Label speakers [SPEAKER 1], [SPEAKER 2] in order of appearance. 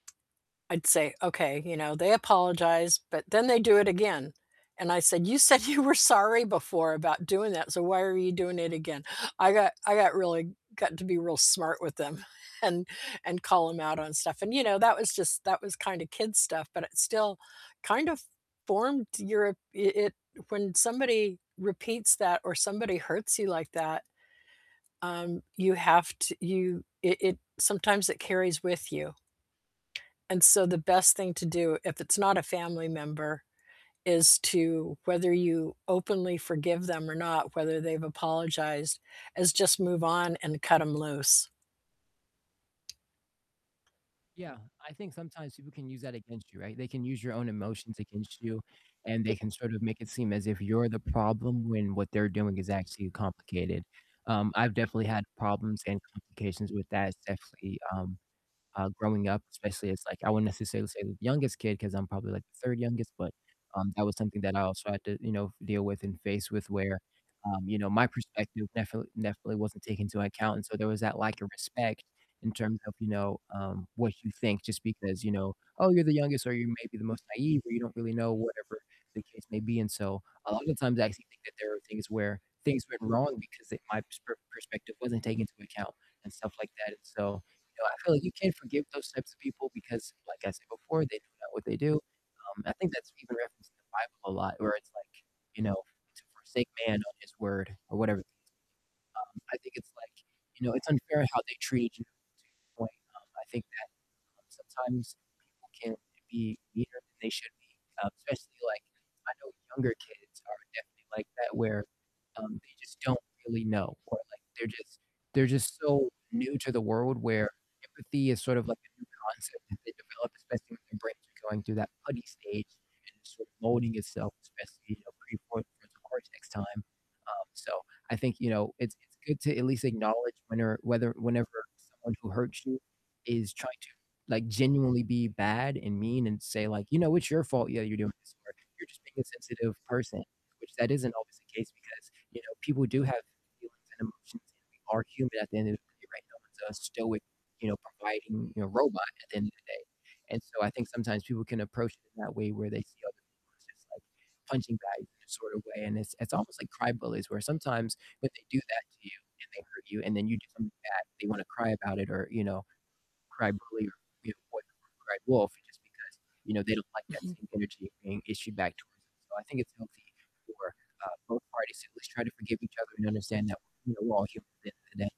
[SPEAKER 1] I'd say, "Okay, you know, they apologized, but then they do it again," and I said, "You said you were sorry before about doing that, so why are you doing it again?" I got I got really got to be real smart with them and and call 'em out on stuff and, you know, that was just, that was kind of kid stuff, but it still kind of formed your it it when somebody repeats that or somebody hurts you like that, um, you have t you it it sometimes it carries with you. And so the best thing to do if it's not a family member is to whether you openly forgive them or not, whether they've apologized, is just move on and cut 'em loose.
[SPEAKER 2] Yeah, I think sometimes people can use that against you, right? They can use your own emotions against you, and they
[SPEAKER 1] M
[SPEAKER 2] can sort of make it seem as if you're the problem when what they're doing is actually complicated, um, I've definitely had problems and complications with that, it's definitely, um, uh, growing up especially, it's like I wouldn't necessarily say the youngest kid 'cause I'm probably like the third youngest, but, um, that was something that I also had to, you know, deal with and face with where, um, you know, my perspective definitely definitely wasn't taken into account, and so there was that lack of respect in terms of, you know, um, what you think just because, you know, "Oh, you're the youngest," or, "You may be the most naive," or, "You don't really know," whatever the case may be and so a lot of the times I actually think that there are things where things went wrong because they my pers perspective wasn't taken into account and stuff like that and so, you know, I feel like you can forgive those types of people because like I said before, they don't know what they do, um, I think that's even referenced in the Bible a lot where it's like, you know, to forsake man on his word or whatever the case may be, um, I think it's like, you know, it's unfair how they treated you to a certain point, um, I think that, um, sometimes people can be meaner than they should be, um, especially, like, I know younger kids are definitely like that where, um, they just don't really know or like they're just they're just so new to the world where empathy is sort of like a new concept that they develop, especially when their brains are going through that putty stage and it's sort of molding itself, especially, you know, prefrontal cortex time, um, so I think, you know, it's it's good to at least acknowledge when or whether whenever someone who hurts you is trying to like genuinely be bad and mean and say like, "You know, it's your fault. Yeah, you're doing this," or, "You're just being a sensitive person," which that isn't always the case because, you know, people do have feelings and emotions, and we are human at the end of the day, right, no one's a stoic, you know, providing, you know, robot at the end of the day, and so I think sometimes people can approach it in that way where they see other people as just like punching bags in a sort of way and it's it's almost like crybullies where sometimes when they do that to you and they hurt you and then you do something back, they wanna cry about it or, you know, crybully or, you know, what cry wolf just because, you know, they don't like that
[SPEAKER 1] Mhm.
[SPEAKER 2] same energy being issued back towards them, so I think it's healthy for, uh, both parties to at least try to forgive each other and understand that, you know, we're all human at the end of the day.